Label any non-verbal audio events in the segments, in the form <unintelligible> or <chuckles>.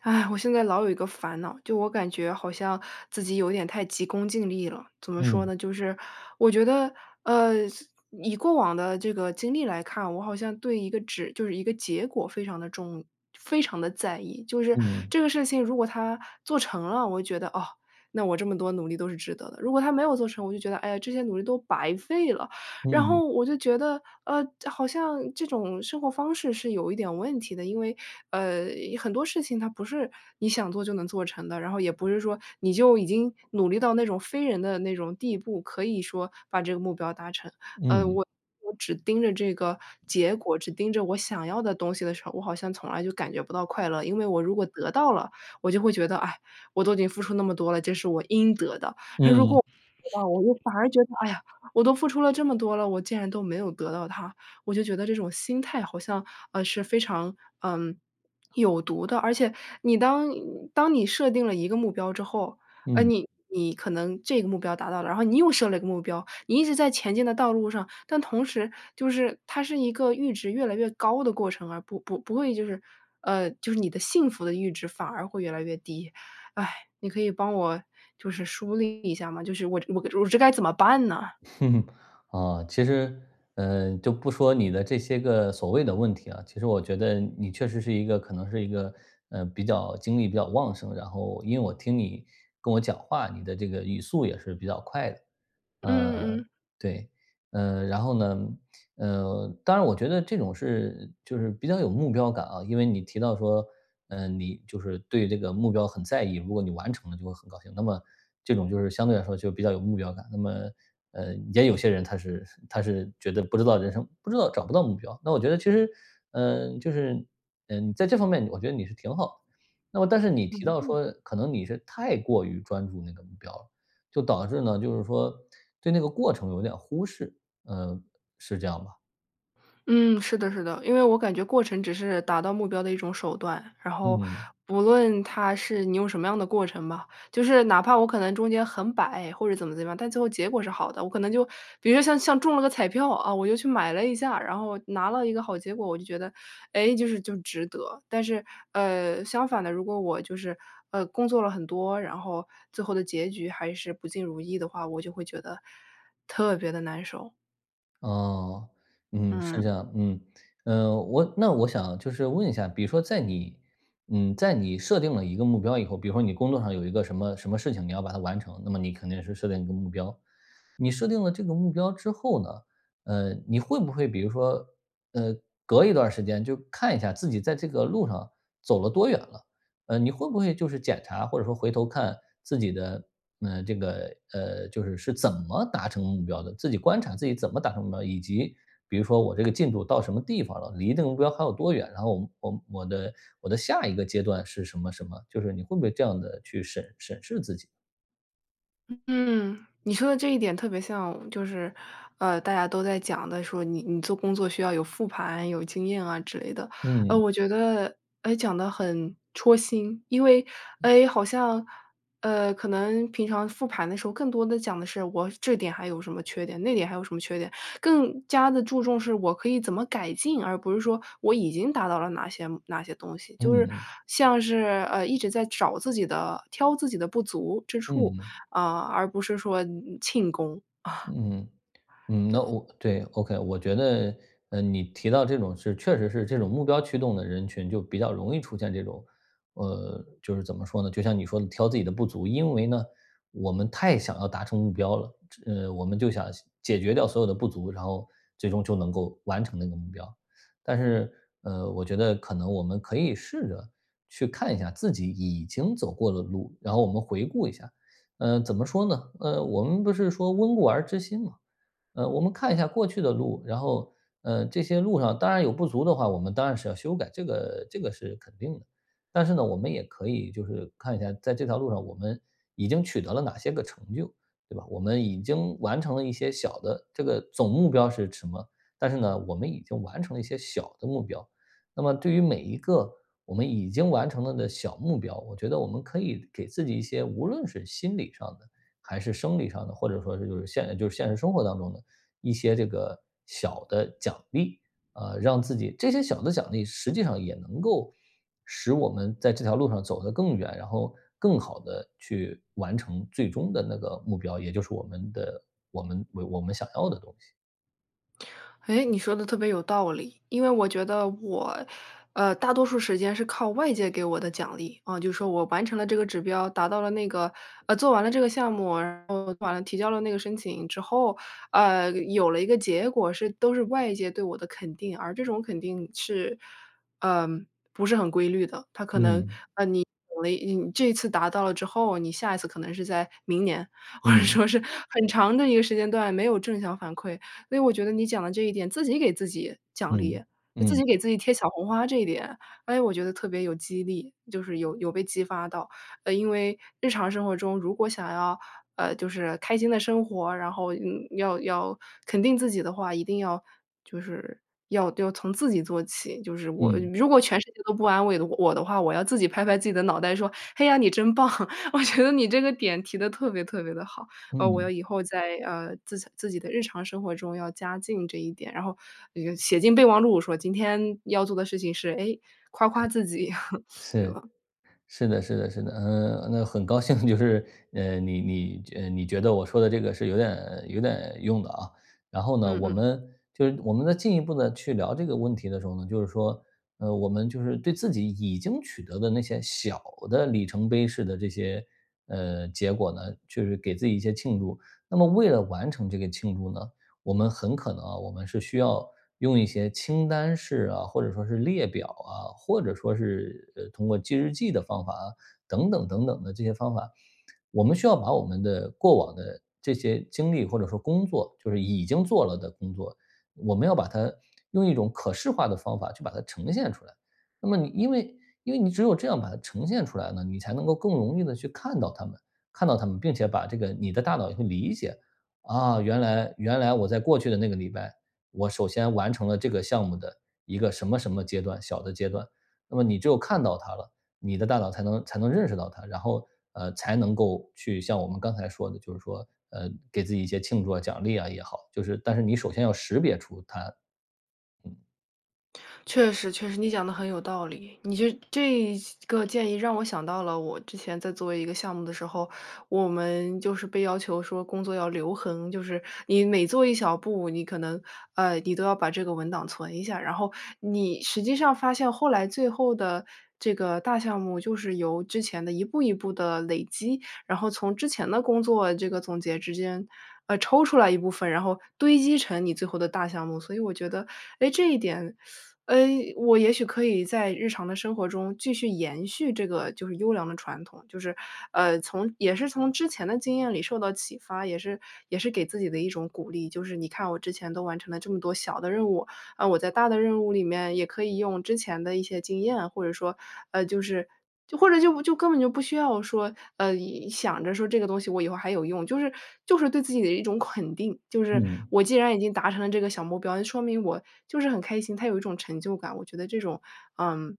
唉，我现在老有一个烦恼，就我感觉好像自己有一点太急功近利了。怎么说嗯。呢，就是我觉得，呃，自以过往的这个经历来看，我好像对一个纸就是一个结果非常地重非常地在意。就是嗯。这个事情如果它做成了，我会觉得，哦，那我这么多努力都是值得的。如果它没有做成，我就觉得，哎呀，这些努力都白费了。然嗯。后我就觉得，呃，的好像这种生活方式是有一点问题的。因为，呃，很多事情它不是你想做就能做成的，然后也不是说你就已经努力到那种非人的那种地步，可以说把这个目标达成。呃，嗯。我我只盯着这个结果、只盯着我想要的东西的时候，我好像从来就感觉不到快乐。因为我如果得到了，我就会觉得：“哎，我都已经付出那么多了，这是我应得的。”嗯。而如果我没得到，我就反而觉得：“哎呀，我都付出了这么多了，我竟然都没有得到它。”我就觉得这种心态好像，呃，是非常，呃，<swallows> 有毒的。而且你当当你设定了一个目标之后，呃，嗯。你你可能这个目标达到了，然后你又设了一个目标，你一直在前进的道路上。但同时就是，它是一个阈值越来越高的过程，而不不不会就是呃，就是你的幸福的阈值反而会越来越低。唉，你可以帮我就是梳理一下吗，就是我这我个我这该怎么办呢？<chuckles> 啊，其实，呃，就不说你的这些个所谓的问题啊，其实我觉得你确实是一个可能是一个，呃，比较精力比较旺盛，然后因为我听你跟我讲话，你的这个语速也是比较快的。嗯嗯呃，嗯。对。呃，然后呢呃，当然我觉得这种是就是比较有目标感啊。因为你提到说，呃，你就是对这个目标很在意，如果你完成了就会很高兴，那么这种就是相对来说就比较有目标感。那么，呃，也有些人他是 <chuckles> 他是觉得不知道人生不知道找不到目标，那我觉得其实，嗯，就是，嗯，在这方面你我觉得你是挺好的。那么但是你提嗯到嗯。说可能你是太过于专注那个目标了，就导致呢，就是说，对那个过程有点忽视，呃，是这样吧？嗯，是的是的。因为我感觉过程只是达到目标的一种手段，然后嗯。不论它是你用什么样的过程吧，就是哪怕我可能中间很摆或者怎么怎么样，但最后结果是好的。我可能就比如说像像中了个彩票，啊，我就去买了一下，然后拿了一个好结果。我就觉得：“诶，就是就值得。”但是，呃，相反的，如果我就是，呃，工作了很多，然后最后的结局还是不尽如意的话，我就会觉得特别地难受。哦，嗯，是这嗯。样嗯。呃，我那我想就是问一下，比如说在你嗯，在你设定了一个目标以后，比如说你工作上有一个什么什么事情，你要把它完成，那么你肯定是设定一个目标。你设定了这个目标之后呢，呃，你会不会比如说呃，隔一段儿时间就看一下自己在这个路上走了多远了，呃，你会不会就是检查或者说回头看自己的，呃，这个呃，就是是怎么达成目标的，自己观察自己怎么达成目标，以及比如说我这个进度到什么地方了，离这个目标还有多远，然后我我我的我的下一个阶段是什么什么，就是你会不会这样地去审审视自己？嗯嗯，你说的这一点特别像，就是，呃，大家都在讲的说，你你做工作需要有复盘、有经验啊之类的。呃，嗯。我觉得，诶，讲得很戳心。因为，嗯。诶，好像，呃，可能平常复盘的时候，更多地讲的是：“我这点还有什么缺点？那点还有什么缺点？”更加地注重是我可以怎么改进？而不是说我已经达到了哪些哪些东西，就是，嗯。像是，呃，一直在找自己的挑自己的不足之处，嗯。啊，而不是说，嗯嗯，庆功。<chuckles> 嗯，嗯，那对。我对，ok，我觉得，呃，你提到这种是确实是这种目标驱动的人群就比较容易出现这种，呃，就是怎么说呢？就像你说的挑自己的不足。因为呢，我们太想要达成目标了，呃，我们就想先解决掉所有的不足，然后最终就能够完成那个目标。但是，呃，我觉得可能我们可以试着去看一下自己已经走过的路，然后我们回顾一下。嗯，怎么说呢？呃，我们不是说：“温故而知新“吗？嗯，我们看一下过去的路，然后，呃，这些路上当然有不足的话，我们当然是要修改，这个这个是肯定的。但是呢我们也可以就是看一下，在这条路上我们已经取得了哪些个成就，对吧？我们已经完成了一些小的这个总目标是什么？但是呢我们已经完成了一些小的目标，那么对于每一个我们已经完成了的小目标，我觉得我们可以给自己一些无论是心理上的还是生理上的，或者说就是现就是现实生活当中的一些这个小的奖励，啊，让自己这些小的奖励实际上也能够使我们在这条路上走得更远，然后更好地去完成最终的那个目标，也就是我们的我们我们想要的东西。诶，你说得特别有道理。因为我觉得我，呃，大多数时间是靠外界给我的奖励。啊，就说我完成了这个指标、达到了那个呃，做完了这个项目，然后完了提交了那个申请之后，呃，有了一个结果是都是外界对我的肯定。而这种肯定是，嗯，不是很规律的，它可能，嗯。呃，你有了 <unintelligible> 嗯，这一次达到了之后，你下一次可能是在明年，或者嗯。说是很长的一个时间段没有正向反馈。诶，我觉得你讲的这一点，“自己给自己奖励，嗯，自嗯。己给自己贴小红花”这一点，诶，我觉得特别有激励，就是有有被激发到。呃，因为日常生活中如果想要，呃，就是开心地生活，然后，嗯，要要肯定自己的话，一定要就是要要从自己做起。就是我嗯。如果全世界都不安慰的我的话，我要自己拍拍自己的脑袋说：“哎呀，你真棒。”我觉得你这个点提得特别特别地好，呃，我要嗯。以后在，呃，自洽自己的日常生活中要加进这一点，然后，呃，写进备忘录说：“今天要做的事情是，诶，夸夸自己。” <chuckles> <chuckles> 对是。吧？是的是的是的。呃，那很高兴 <chuckles> 就是，呃，你你你觉你觉得我说的这个是有点有点用的啊。然后呢，嗯我嗯。们，就是我们呢进一步地去聊这个问题的时候呢，就是说，呃，我们就是对自己已经取得的那些小的里程碑式的这些，呃，结果呢，就是给自己一些庆祝。那么为了完成这个庆祝呢，我们很可能啊，我们是需要用一些清单式啊，或者说是列表啊，或者说是呃，通过记日记的方法啊，等等等等的这些方法。我们需要把我们的过往的这些经历或者说工作，就是已经做了的工作，我们要把它用一种可视化的方法去把它呈现出来。那么你因为因为你只有这样把它呈现出来了，你才能够更容易地去看到它们看到它们，并且把这个你的大脑就会理解：“啊，原来原来我在过去的那个礼拜，我首先完成了这个项目的一个什么什么阶段，小的阶段。”那么你只有看到它了，你的大脑才能才能认识到它，然后，呃，才能够去像我们刚才说的就是说，呃，给自己一些庆祝啊、奖励啊也好，就是但是你首先要识别出它。嗯。确实确实，你讲得很有道理。你就这个建议让我想到了我之前在做一个项目的时候，我们就是被要求说工作要留痕，就是你每做一小步，你可能呃，你都要把这个文档存一下。然后你实际上发现后来最后的这个大项目就是由之前的一步一步的累积，然后从之前的工作这个总结之间呃，抽出来一部分，然后堆积成你最后的大项目。所以我觉得，诶，这一点，<sucks teeth> 呃，我也许可以在日常的生活中继续延续这个，就是优良的传统。就是，呃，从也是从之前的经验里受到启发，也是也是给自己的一种鼓励。就是你看我之前都完成了这么多小的任务，嗯，我在大的任务里面也可以用之前的一些经验，或者说，呃，就是就或者就就根本就不需要说，呃，一想着说这个东西我以后还有用，就是就是对自己的一种肯定。就是嗯。我既然已经达成了这个小目标，那说明我就是很开心，它有一种成就感，我觉得这种嗯，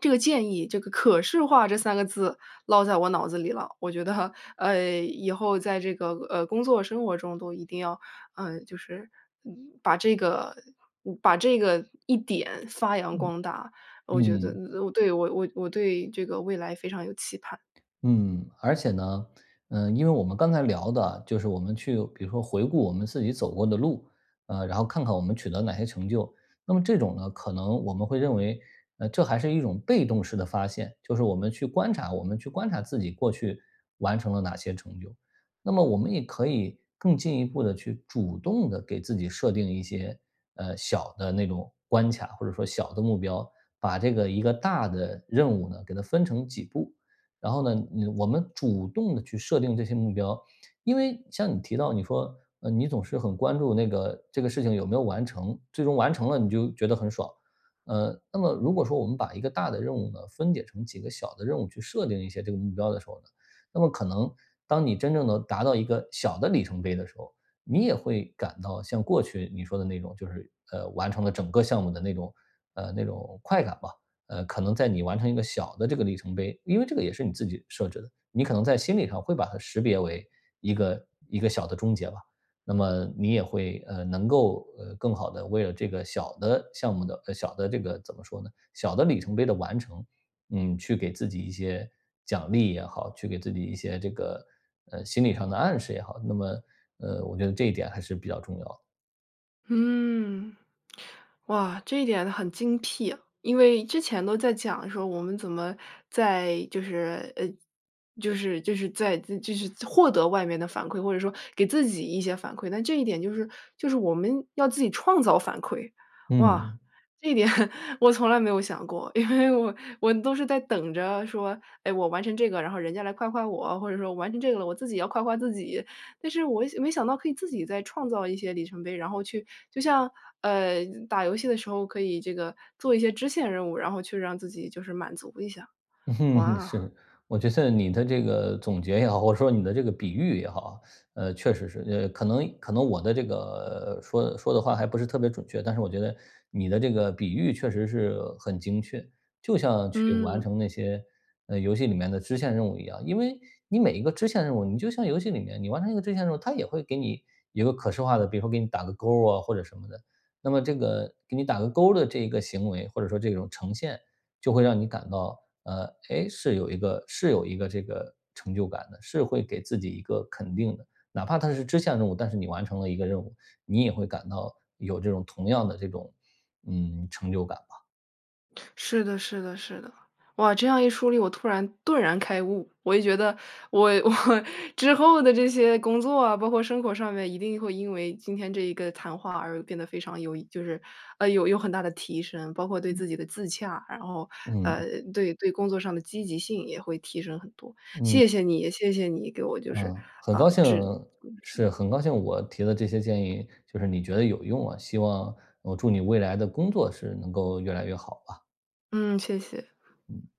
这个建议这个可视化这3个字落在我脑子里了。我觉得，呃，以后在这个呃，工作生活中都一定要，呃，就是，嗯，把这个把这个一点发扬嗯，光大。我觉得嗯。我对，我我我对这个未来非常有期盼。嗯，而且呢，呃，因为我们刚才聊的，就是我们去比如说回顾我们自己走过的路，呃，然后看看我们取得哪些成就？那么这种呢，可能我们会认为这还是一种被动式的发现，就是我们去观察我们去观察自己过去完成了哪些成就。那么我们也可以更进一步地去主动地给自己设定一些，呃，小的那种关卡，或者说小的目标，把这个一个大的任务呢，给它分成几步，然后呢，我我们主动去设定这些目标。因为像你提到你说，呃，你总是很关注那个这个事情有没有完成，最终完成了你就觉得很爽。呃，那么如果说我们把一个大的任务呢，分解成几个小的任务去设定一些这个目标的时候呢，那么可能当你真正能达到一个小的里程碑的时候。你也会感到像过去你说的那种就是呃，完成了整个项目的那种，呃，那种快感吧，呃，可能在你完成一个小的这个里程碑因为这个也是你自己设置的。你可能在心理上会把它识别为一个一个小的终结吧。那么你也会呃，能够呃，更好地为了这个小的项目的呃，小的这个怎么说呢，小的里程碑的完成，嗯，去给自己一些奖励也好，去给自己一些这个，呃，心理上的暗示也好。那么，呃，我觉得这一点还是比较重要的。嗯。哇，这一点很精辟。因为之前都在讲说我们怎么，在就是呃，就是就是在就是获得外面的反馈，或者说给自己一些反馈，那这一点就是就是我们要自己创造反馈。哇，嗯。这一点 <laughs> 我从来没有想过，因为我我都是在等着说，哎，我完成这个，然后人家来夸夸我，或者说我完成这个了，我自己要夸夸自己。但是我想没想到可以自己再创造一些里程碑，然后去就像，呃，打游戏的时候可以这个做一些支线任务，然后去让自己就是满足一下。<laughs> 哇。是，我觉得你的这个总结也好，或者说你的这个比喻也好。呃，确实是，呃，可能可能我的这个说说的话还不是特别准确，但是我觉得你的这个比喻确实是很精确。就像去完嗯。成那些，呃，游戏里面的支线任务一样。因为你每一个支线任务，你就像游戏里面。你完成一个支线任务，它也会给你一个可视化的，比如说给你打个勾啊，或者什么的。那么这个给你打个勾的这一个行为，或者说这种呈现，就会让你感到，呃，诶，是有一个是有一个这个成就感的，是会给自己一个肯定的。哪怕它是支线任务，但是你完成了一个任务，你也会感到有这种同样的这种，嗯，成就感吧。是的是的是的。哇，这样一梳理，我突然顿然开悟。我也觉得我我之后的这些工作啊，包括生活上面一定会因为今天这一个谈话而变得非常有益，就是，呃，有有很大地提升。包括对自嗯。己的自洽，然后，嗯。呃，对对工作上的积极性也会提升很多，嗯。谢谢你谢谢你给我就是，嗯。很高呃，兴指 <unintelligible> 之是，路。很高兴我提的这些建议，就是你觉得有用啊。希望我祝你未来的工作是能够越来越好了。嗯。谢谢。嗯。